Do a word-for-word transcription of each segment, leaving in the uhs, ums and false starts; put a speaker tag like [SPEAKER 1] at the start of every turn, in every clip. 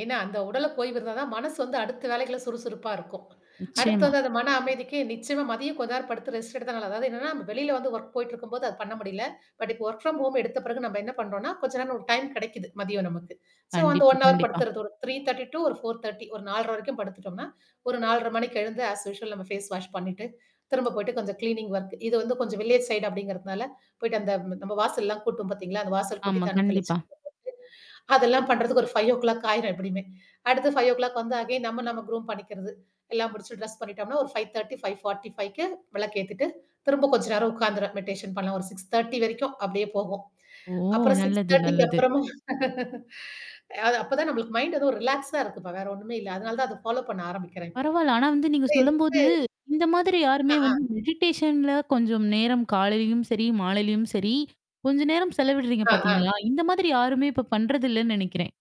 [SPEAKER 1] ஏன்னா, அந்த உடலுக்கு ஓய்விருந்தா தான் மனசு வந்து அடுத்த வேலைகள சுறுசுறுப்பா இருக்கும். அடுத்தது
[SPEAKER 2] நிச்சயமா.
[SPEAKER 1] வந்து அந்த மன அமைதிக்கு நிச்சயமா மதியம் கொஞ்ச நேரம் படுத்து ரெஸ்ட் எடுத்தா நல்லது. அதாவது என்னன்னா, நம்ம வெளியில வந்து ஒர்க் போயிட்டு இருக்கும்போது அது பண்ண முடியல. பட், இப்ப ஒர்க் ஃப்ரம் ஹோம் எடுத்த பிறகு நம்ம என்ன பண்றோம்ன்னா, கொஞ்ச நேரம் ஒரு டைம் கிடைக்குது மதியம் நமக்கு. ஸோ வந்து
[SPEAKER 2] கண்டிப்பா,
[SPEAKER 1] ஒன் ஹவர்
[SPEAKER 2] கண்டிப்பா.
[SPEAKER 1] படுத்துர்றது. ஒரு த்ரீ தேர்ட்டி டூ ஒரு ஃபோர் தேர்ட்டி ஒரு நாலரை வரைக்கும் படுத்துட்டம்னா, ஒரு நாலரை மணிக்கு எழுந்து ஆஸ் யூஷுவல் நம்ம ஃபேஸ் வாஷ் பண்ணிட்டு, திரும்ப போயிட்டு கொஞ்சம் கிளீனிங் ஒர்க் இது வந்து கொஞ்சம் வில்லேஜ் சைடு அப்பிடிங்கிறனால போயிட்டு அந்த நம்ம வாசல் எல்லாம் கூட்டுவோம் பார்த்தீங்களா! அந்த வாசல் கூட்டி,
[SPEAKER 2] ஆமா.
[SPEAKER 1] தண்ணி தெளிச்சு
[SPEAKER 2] கண்டிப்பா.
[SPEAKER 1] [unintelligible] அதெல்லாம் பண்றதுக்கு ஒரு ஃபைவ் ஓ கிளாக் ஆயிரும் எப்பிடியுமே! அடுத்த ஃபைவ் ஓ கிளாக் வந்து அகைன் நம்ம நம்ம குரூம் பண்ணிக்கிறது. எல்லாம் முடிச்சு ட்ரெஸ் பண்ணிட்டோம்ன்னா, ஒரு ஃபைவ் தேர்ட்டி, ஃபைவ் ஃபார்ட்டி ஃபைவ்க்கு விளக்கு ஏத்துட்டு, திரும்ப கொஞ்ச நேரம் உட்கார்ந்துறேன். மெடிடேஷன் பண்ணலாம். ஒரு சிக்ஸ் தேர்ட்டி வரைக்கும் அப்பிடியே போகும்.
[SPEAKER 2] ஓ!
[SPEAKER 1] அப்புறம் சிக்ஸ்
[SPEAKER 2] நல்லது,
[SPEAKER 1] தேர்ட்டிக்கு
[SPEAKER 2] நல்லது.
[SPEAKER 1] அப்புறமும் அது அப்ப தான் நம்மளுக்கு மைண்ட் எதுவும் ரிலாக்ஸா இருக்குப்பா! வேற ஒண்ணுமே இல்ல. அதனால தான் அத ஃபாலோப் பண்ண ஆரம்பிக்கிறேன் இப்போ.
[SPEAKER 2] பரவால்ல. ஆனா வந்து நீங்க
[SPEAKER 1] கூட எதுக்கு
[SPEAKER 2] சொல்லும்போது இந்த மாதிரி யாருமே
[SPEAKER 1] ஆஹா!
[SPEAKER 2] வந்து மெடிடேஷன்ல கொஞ்சம் நேரம் காலையிலயும் சரி, மாலையிலயும் சரி. கொஞ்ச நேரம் செலவிடுறீங்க
[SPEAKER 1] ஆ, அ.
[SPEAKER 2] பார்த்தீங்களா! இந்த மாதிரி யாருமே இப்ப பண்றதில்லன்னு நினைக்கிறேன்.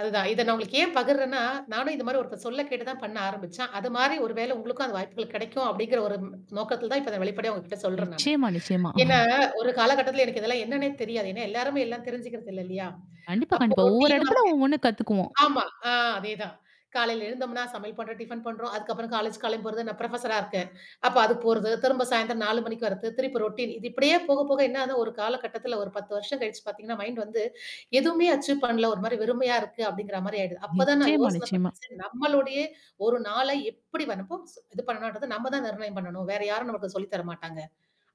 [SPEAKER 1] அதுதான். இத நான் உங்களுக்கு ஏன் பகிர்றன்னா, நானும் இந்தமாரி ஒருத்தர் சொல்ல கேட்டு தான் பண்ண ஆரம்பிச்சேன். அதுமாரி ஒரு வேள உங்களுக்கும் அது வாய்ப்புகள் கிடைக்கும் அப்படிங்கிற ஒரு நோக்கத்தில தான் இப்ப அதான் வெளிப்படையா உங்கக்கிட்ட சொல்றேன் நானு.
[SPEAKER 2] நிச்சயமா, நிச்சயமா.
[SPEAKER 1] ஏன்னா, ஒரு காலகட்டத்தில எனக்கு இதெல்லாம் என்னன்னே தெரியாது. ஏன்னா, எல்லாருமே எல்லாம் தெரிஞ்சுக்கிறது இல்ல இல்லயா!
[SPEAKER 2] கண்டிப்பா,
[SPEAKER 1] அப்போ
[SPEAKER 2] கண்டிப்பா. ஒவ்வொரு
[SPEAKER 1] ரொட்டீன்
[SPEAKER 2] இடத்துல
[SPEAKER 1] ஒர்க்
[SPEAKER 2] ஒவ்வொன்னு கத்துக்குவோம்.
[SPEAKER 1] ஆமா. ஆ அதேதான். காலையில எழுந்தோம்னா சமையல் பண்றோம், டிஃபன் பண்றோம். அதுக்கப்புறம் காலேஜ் கிளம்பிப் போறது. நான் புரொஃபஸரா இருக்கேன். அப்ப அது போறது. திரும்ப சாயந்திரம் நாலு மணிக்கு வர்றது, திருப்பி ரொட்டீன் இது இப்பிடியே போக, போக என்ன ஆதுனா ஒரு காலகட்டத்தில ஒரு பத்து வருஷம் கழிச்சு பார்த்தீங்கன்னா, மைண்ட் வந்து எதுவுமே அச்சீவ் பண்ணல. ஒருமாரி வெறுமையா இருக்கு அப்பிடிங்கிறமாரி ஆயிடுது. அப்ப தான் நான்
[SPEAKER 2] நிச்சயமா,
[SPEAKER 1] யோசனை
[SPEAKER 2] நிச்சயமா.
[SPEAKER 1] பண்ணேன். சரி நம்மளுடைய ஒரு நாளை எப்பிடி வனப்போ ஸ் இது பண்ணணுன்றத நம்ம தான் நிர்ணயம் பண்ணணும். வேற யாரும் நமக்கு சொல்லி தர மாட்டாங்க.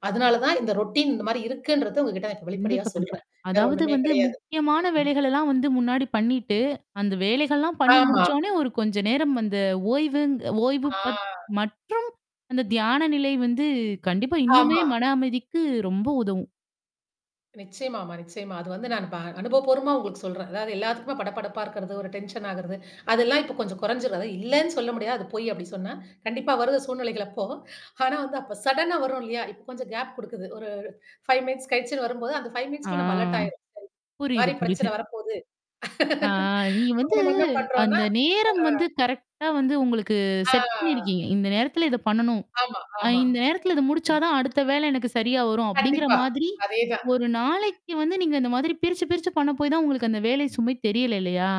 [SPEAKER 1] அதனால தான் இந்த ரொட்டீன் இந்தமாரி இருக்குன்றத உங்ககிட்ட இப்ப நான் வெளிப்படையா
[SPEAKER 2] கண்டிப்பா, கண்டிப்பா.
[SPEAKER 1] சொல்றேன். வேற
[SPEAKER 2] அதாவது
[SPEAKER 1] ஒண்ணுமே
[SPEAKER 2] வந்து
[SPEAKER 1] கிடையாது.
[SPEAKER 2] முக்கியமான
[SPEAKER 1] ம்க்ம்.
[SPEAKER 2] வேலைகளெல்லாம் வந்து முன்னாடி பண்ணிட்டு, அந்த வேலைகள்லாம் பண்ணி
[SPEAKER 1] ஆமா.
[SPEAKER 2] முடிச்சோ உடனே ஒரு கொஞ்ச நேரம் அந்த ஓய்வுங் ஓய்வு
[SPEAKER 1] ஆ.
[SPEAKER 2] பத் மற்றும் அந்த தியான நிலை வந்து கண்டிப்பா இன்னுமே
[SPEAKER 1] ஆமா.
[SPEAKER 2] மன அமைதிக்கு ரொம்ப உதவும்.
[SPEAKER 1] நிச்சயமாமா நிச்சயமா. அது வந்து நான் ப அனுபவபூர்வமா உங்களுக்கு சொல்றேன். அதாவது எல்லாத்துக்குமே படபடப்பா இருக்கிறது, ஒரு டென்ஷன் ஆகுறது. அதெல்லாம் இப்போ கொஞ்சம் குறைஞ்சிரும் அது இல்லேன்னு சொல்ல முடியாது. அது பொய் அப்பிடி சொன்னா. கண்டிப்பா வருது சூழ்நிலைகள் அப்போ. ஆனா வந்து அப்ப சடனா வரும் இல்லயா! இப்ப கொஞ்சம் கேப் குடுக்குது. ஒரு ஃபைவ் மினிட்ஸ் கழிச்சுன்னு வரும்போது, அந்த ஃபைவ்
[SPEAKER 2] ஆ.
[SPEAKER 1] மினிட்ஸ்குள்ள நம்ம அலர்ட் ஆயிரும். சரி.
[SPEAKER 2] புரியுது,
[SPEAKER 1] இந்தமாரி
[SPEAKER 2] புரியுது.
[SPEAKER 1] பிரச்சனை வரப்போது
[SPEAKER 2] ஆ, நீங்க
[SPEAKER 1] அப்ப
[SPEAKER 2] வந்து
[SPEAKER 1] நம்ம என்ன பண்றோன்னா
[SPEAKER 2] அந்த நேரம்
[SPEAKER 1] ஆ.
[SPEAKER 2] வந்து கரெக்ட்டா வந்து உங்களுக்கு
[SPEAKER 1] ஆ.
[SPEAKER 2] செட் பண்ணியிருக்கீங்க. இந்த நேரத்தில இத பண்ணணும்.
[SPEAKER 1] ஆமா,
[SPEAKER 2] அ
[SPEAKER 1] ஆமா.
[SPEAKER 2] இந்த நேரத்தில இது முடிச்சா தான் அடுத்த வேல எனக்கு சரியா வரும். அப்பிடிங்கிற
[SPEAKER 1] கண்டிப்பா.
[SPEAKER 2] மாதிரி
[SPEAKER 1] அதே தான்.
[SPEAKER 2] ஒரு நாளைக்கு வந்து நீங்க இந்த மாதிரி பிரிச்சு, பிரிச்சு பண்ண போயி தான் உங்களுக்கு அந்த வேலை சுமை தெரியல, இல்லயா!